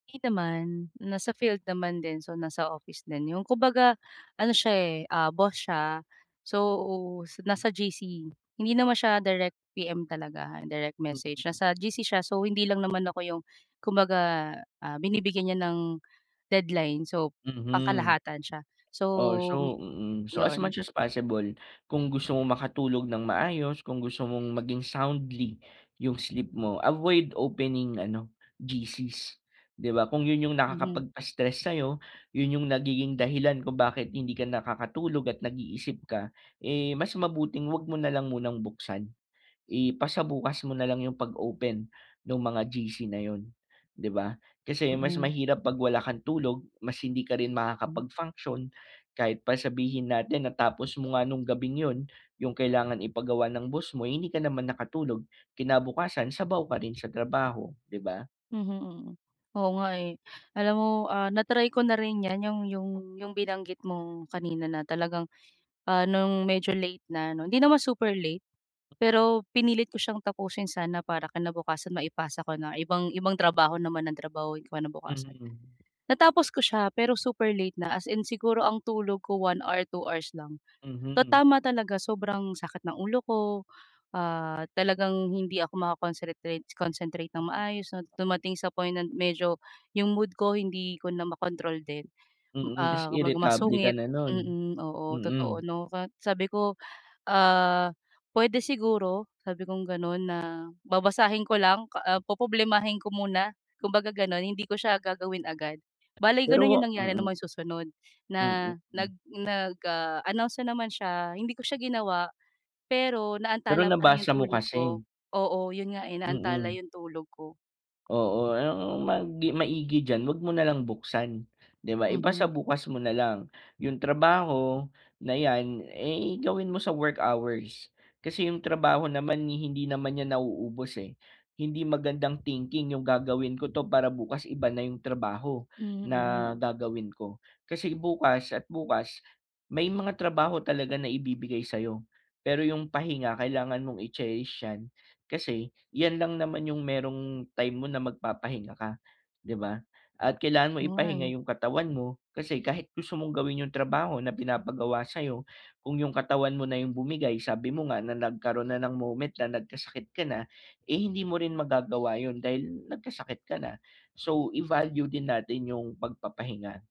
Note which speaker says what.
Speaker 1: Hindi naman, nasa field naman din so nasa office din 'yon kumbaga ano siya eh, ah, boss siya, so nasa GC Hindi naman siya direct PM talaga, direct message,
Speaker 2: Mhm.
Speaker 1: nasa GC siya so hindi lang naman ako 'yong kumbaga, ah, binibigyan niya ng deadline so,
Speaker 2: Mhm.
Speaker 1: pangkalahatan siya, so
Speaker 2: Oh, so mm, so as
Speaker 1: 'yon.
Speaker 2: much as possible, kung gusto mong makatulog ng maayos, kung gusto mong maging soundly 'yung sleep mo, avoid opening ano, GC's 'di ba kung 'yun 'yung
Speaker 1: Mhm.
Speaker 2: nakakapagpa-stress sayo, 'yun 'yung nagiging dahilan kung bakit hindi ka nakakatulog at nag-iisip ka, eh, mas mabuting huwag mo nalang munang buksan. Ipasabukas mo nalang 'yung pag open, nung mga GC na 'yun 'di ba? Kasi mas
Speaker 1: Mm.
Speaker 2: mahirap pag wala kang tulog, mas hindi ka rin
Speaker 1: Hmm.
Speaker 2: makakapag function. Kahit pa sabihin natin na tapos mo nga nung gabing 'yun, 'yung kailangan ipagawa ng boss mo hindi ka naman nakatulog, kinabukasan sabaw ka rin sa trabaho, 'di ba?
Speaker 1: Mhm, mm. Oo nga, eh. Alam mo, ah, na-try ko na rin 'yan 'yung 'yung 'yung binanggit mong kanina na talagang, ah, nung medyo late na 'no hindi naman super late, pero pinilit ko siyang tapusin sana para kinabukasan maipasa ko na or ibang ibang trabaho naman 'yung trabahuin ko ng kinabukasan.
Speaker 2: Mhm.
Speaker 1: Natapos ko siya pero super late na as in siguro ang tulog ko 1 or 2 hours lang. So
Speaker 2: Mhm.
Speaker 1: tama talaga sobrang sakit ng ulo ko, ah, talagang hindi ako maka-concretrate concentrate ng maayos 'no. Dumating sa point na medyo 'yung mood ko hindi ko na makontrol din,
Speaker 2: Mm, tapos
Speaker 1: ah, kumbaga
Speaker 2: irritable ka
Speaker 1: masungit
Speaker 2: na nun,
Speaker 1: mm, oo, totoo
Speaker 2: mm.
Speaker 1: 'no at sabi ko, ah, "Puwede siguro," sabi kong ganon na, "Babasahin ko lang, ka ah, poproblemahin ko muna," kumbaga ganon hindi ko siya gagawin agad. Bale ganun 'yung
Speaker 2: Pero
Speaker 1: nangyari ng
Speaker 2: mm.
Speaker 1: mga susunod
Speaker 2: Mm,
Speaker 1: na,
Speaker 2: hmm.
Speaker 1: nag nag, ah, announce na naman siya hindi ko siya ginawa, pero
Speaker 2: Pero
Speaker 1: naantala pa rin 'yung
Speaker 2: nabasa mo
Speaker 1: tulog
Speaker 2: kasi.
Speaker 1: ko oo 'yun nga eh, naantala
Speaker 2: Mm.
Speaker 1: 'yung tulog ko.
Speaker 2: Oo, ang mag maigi diyan huwag mo nalang buksan, 'di ba
Speaker 1: Mhm.
Speaker 2: ipasabukas mo nalang. 'Yung trabaho, na 'yan, eh, gawin mo sa work hours. Kasi 'yung trabaho naman hindi naman iyan nauubos, eh. Hindi magandang thinking 'yung, "Gagawin ko 'to, para bukas iba na 'yung trabaho, na
Speaker 1: Mm.
Speaker 2: gagawin ko." Kasi bukas at bukas may mga trabaho talaga na ibibigay sayo, pero 'yung pahinga kailangan mong i-cherish yan, kasi, 'yan lang naman 'yung merong time mo na magpapahinga ka, 'di ba? At kailangan mo
Speaker 1: O nga,
Speaker 2: ipahinga
Speaker 1: eh.
Speaker 2: 'yung katawan mo, kasi kahit gusto mong gawin 'yung trabaho na pinapagawa sayo, kung yung katawan mo na 'yung bumigay sabi mo nga na nagkaroon na ng moment na nagkasakit ka na, eh, hindi mo rin magagawa 'yun dahil nagkasakit ka na. So i-value din natin 'yung pagpapahinga.